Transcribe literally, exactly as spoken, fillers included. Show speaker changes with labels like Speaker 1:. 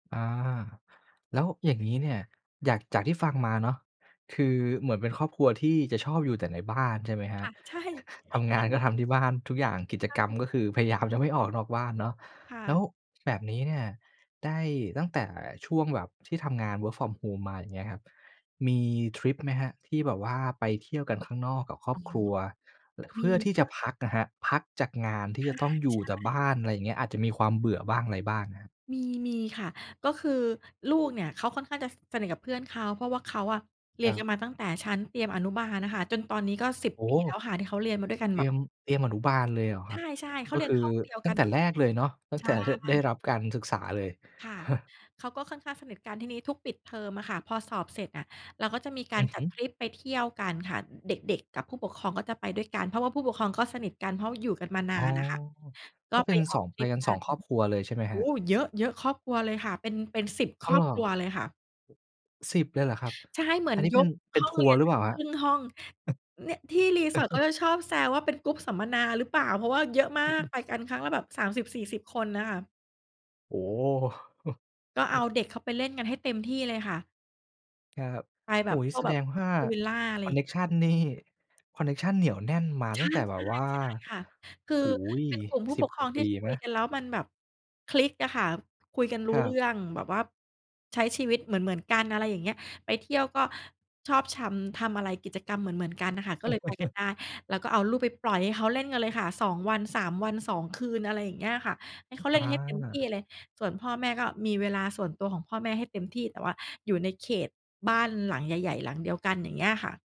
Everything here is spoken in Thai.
Speaker 1: อา แล้วอย่างงี้เนี่ย อยาก จากที่ฟังมาเนาะ คือเหมือนเป็นครอบครัวที่จะชอบอยู่แต่ในบ้าน ใช่ไหมคร
Speaker 2: ค
Speaker 1: ับ?
Speaker 2: ่ะ ใช่
Speaker 1: ทำง
Speaker 2: น
Speaker 1: า
Speaker 2: ั
Speaker 1: น
Speaker 2: ่น
Speaker 1: ก็
Speaker 2: แห
Speaker 1: ท
Speaker 2: ละ
Speaker 1: ำที่บ้าน ทุกอย่าง กิจ
Speaker 2: ใช่
Speaker 1: กรรมก็
Speaker 2: ค
Speaker 1: ค
Speaker 2: ่ะ
Speaker 1: ือพยายามจะไม่ออกนอกบ้านเนาะ
Speaker 2: ค่
Speaker 1: แล้ว
Speaker 2: ะ
Speaker 1: แบบนี้เนี่ย ได้ ตั้งแต่ช่วงแบบที่ทำงาน Work from Home มา อย่างเงี้ยครับ มีทริปไหมครับ? ที่แบบว่าไปเที่ยวกันข้างนอกกับคร
Speaker 2: อ
Speaker 1: อ
Speaker 2: ๋อ
Speaker 1: บครัว เ
Speaker 2: ม
Speaker 1: พ
Speaker 2: ี
Speaker 1: ื่อที่
Speaker 2: ค
Speaker 1: จ
Speaker 2: ่
Speaker 1: ะ
Speaker 2: ะ
Speaker 1: พักอะครับ พักจากงานที
Speaker 2: อ
Speaker 1: ่
Speaker 2: า
Speaker 1: จะต้องอยู่แต่
Speaker 2: ใช
Speaker 1: บ้
Speaker 2: ่
Speaker 1: าน ไรเงี้ย อาจจะมีความเบื่อบ้างไรบ้างครับ
Speaker 2: มี มีค่ะ ก็คือลูกเนี่ยเขาค่อนข้างจะ ส สนิทกับเพื่อนเขา เพราะว่าเขาอะเร
Speaker 1: ค
Speaker 2: ีย
Speaker 1: รั
Speaker 2: นก
Speaker 1: บ
Speaker 2: ันมาตั้งแต่ชั้นเตรียมอนุบาลอะค่ะ จนตอนนี้ก็ สิบ
Speaker 1: โอ้
Speaker 2: ป
Speaker 1: โ
Speaker 2: ี
Speaker 1: ฮ
Speaker 2: แล้วค่ะ ที่เขาเรียนมาด้วยกัน
Speaker 1: เตร
Speaker 2: แบ
Speaker 1: ี
Speaker 2: บ
Speaker 1: ยม เตรียมอนุบาลเลยเหรอค
Speaker 2: ใ
Speaker 1: รับ?
Speaker 2: ช่ ๆ เข
Speaker 1: ก
Speaker 2: า
Speaker 1: ็
Speaker 2: เรี
Speaker 1: ค
Speaker 2: ยน
Speaker 1: ือ
Speaker 2: ห้องเดียว
Speaker 1: ต
Speaker 2: ก
Speaker 1: ั
Speaker 2: ั
Speaker 1: ้ง
Speaker 2: น
Speaker 1: แต่
Speaker 2: มา
Speaker 1: แรกเลยเนาะ ตั้
Speaker 2: ใ
Speaker 1: ง
Speaker 2: ช
Speaker 1: แต่เห้อะ ได้
Speaker 2: ่
Speaker 1: รับการศึกษาเลย
Speaker 2: ค่ะ เขาก็ค่อนข้างสนิทกัน ที่นี้ ทุกปิดเทอมอะค่ะ พอสอบเสร็จอะ เราก็จะมีกา
Speaker 1: อ
Speaker 2: ร
Speaker 1: ือ
Speaker 2: จ
Speaker 1: ฮ
Speaker 2: ั
Speaker 1: ึ
Speaker 2: ดทริปไปเที่ยวกันค่ะ เด็ก ๆ กับผู้ปกครองก็จะไปด้วยกัน เพราะว่าผู้ปกครองก็สนิทกัน เพราะ อยู่กันมาน
Speaker 1: อ๋
Speaker 2: า
Speaker 1: อ
Speaker 2: นน่ะค่ะ ก็
Speaker 1: ก็เป
Speaker 2: ไป
Speaker 1: ็น
Speaker 2: อ
Speaker 1: ส
Speaker 2: อ
Speaker 1: อ
Speaker 2: ก
Speaker 1: ง
Speaker 2: ท
Speaker 1: ไป
Speaker 2: ริป
Speaker 1: กัน
Speaker 2: ก
Speaker 1: ส
Speaker 2: ั
Speaker 1: อง
Speaker 2: น
Speaker 1: ครอบครัวเลย ใช่ไหม
Speaker 2: โอ
Speaker 1: ครั
Speaker 2: ้
Speaker 1: บ?
Speaker 2: โฮ เยอะ ๆ ครอบครัวเลยค่ะ เป็น เป็น สิบ
Speaker 1: อ
Speaker 2: ค
Speaker 1: ้
Speaker 2: ร
Speaker 1: าว
Speaker 2: อ
Speaker 1: เ
Speaker 2: บ
Speaker 1: หรอ?
Speaker 2: ครัวเลยค่ะ
Speaker 1: สิบ เลยเหรอครับ?
Speaker 2: ใช่ เหมื
Speaker 1: อ
Speaker 2: อ
Speaker 1: ั
Speaker 2: น
Speaker 1: นนี้
Speaker 2: ย
Speaker 1: เป็น
Speaker 2: ก
Speaker 1: เป็
Speaker 2: ห
Speaker 1: น
Speaker 2: ้อ
Speaker 1: ท
Speaker 2: ง
Speaker 1: ั
Speaker 2: เ
Speaker 1: ว
Speaker 2: ร
Speaker 1: ร
Speaker 2: ี
Speaker 1: ์
Speaker 2: ยน
Speaker 1: หรือ
Speaker 2: ไป
Speaker 1: เปล่าครั
Speaker 2: ค
Speaker 1: บ?
Speaker 2: รึ่งห้อง เนี่ย ที่ resort เขาจะชอบแซวว่า เป็น group สัมมนาหรือเปล่า? เพราะว่าเยอะมากไปกันครั้งละแบบ สามสิบ สี่สิบ คนน่ะค่ะ
Speaker 1: โอ้
Speaker 2: ก็เอาเด็กเขาไปเล่นกันให้เต็มที่เลยค่ะ
Speaker 1: ครับ
Speaker 2: ไป
Speaker 1: โ
Speaker 2: แ
Speaker 1: อ
Speaker 2: บ
Speaker 1: ้โ
Speaker 2: บ
Speaker 1: ฮ งี
Speaker 2: พ
Speaker 1: ้
Speaker 2: ว
Speaker 1: แ
Speaker 2: ก
Speaker 1: ส
Speaker 2: แบ
Speaker 1: ด
Speaker 2: บ
Speaker 1: งว่า
Speaker 2: พูลวิลลา อะไร
Speaker 1: คอ
Speaker 2: อ
Speaker 1: น
Speaker 2: ย่
Speaker 1: เ
Speaker 2: า
Speaker 1: น
Speaker 2: ง
Speaker 1: ค
Speaker 2: เงี้
Speaker 1: ช
Speaker 2: ย
Speaker 1: ันนี่ คอนเนคชันเหนียวแน่นมา
Speaker 2: ใช
Speaker 1: ตั้
Speaker 2: ่
Speaker 1: งแต่
Speaker 2: ๆ
Speaker 1: แบ
Speaker 2: ใช
Speaker 1: บ
Speaker 2: ่
Speaker 1: ว่า
Speaker 2: ค่ะ ค
Speaker 1: โ
Speaker 2: ื
Speaker 1: อ้โฮ
Speaker 2: อเป็นกลุ่มผู้
Speaker 1: สิ
Speaker 2: ป
Speaker 1: บ
Speaker 2: กค
Speaker 1: ก
Speaker 2: ร
Speaker 1: ว่
Speaker 2: อ
Speaker 1: า
Speaker 2: ง
Speaker 1: ป
Speaker 2: ที่
Speaker 1: ี
Speaker 2: ค
Speaker 1: ไ
Speaker 2: ุ
Speaker 1: หม?
Speaker 2: ยกันแล้วมันแบบคลิกอะค่ะ คุยกันร
Speaker 1: ค
Speaker 2: ู้
Speaker 1: รั
Speaker 2: เรื
Speaker 1: บ
Speaker 2: ่อง แบบว่าใช้ชีวิตเหมือน ๆ กัน อะไรอย่างเงี้ย ไปเที่ยวก็ชอบชำ ทำอะไร กิจกรรมเหมือน ๆ กันน่ะค่ะ ก็เลยไปกันได้ แล้วก็เอาลูกไปปล่อยให้เขาเล่นกันเลยค่ะ สอง วัน สาม วัน สอง คืน อะไรอย่างเงี้ยค่ะ ให้เขาเล่
Speaker 1: อ
Speaker 2: นกันให้เต็มที่
Speaker 1: า
Speaker 2: เลย ส่วนพ่อแม่ก็มีเวลาส่วนตัวของพ่อแม่ให้เต็มที่ แต่ว่าอยู่ในเขตบ้านหลังใหญ่ ๆ หลังเดียวกัน อย่างเงี้ยค่ะ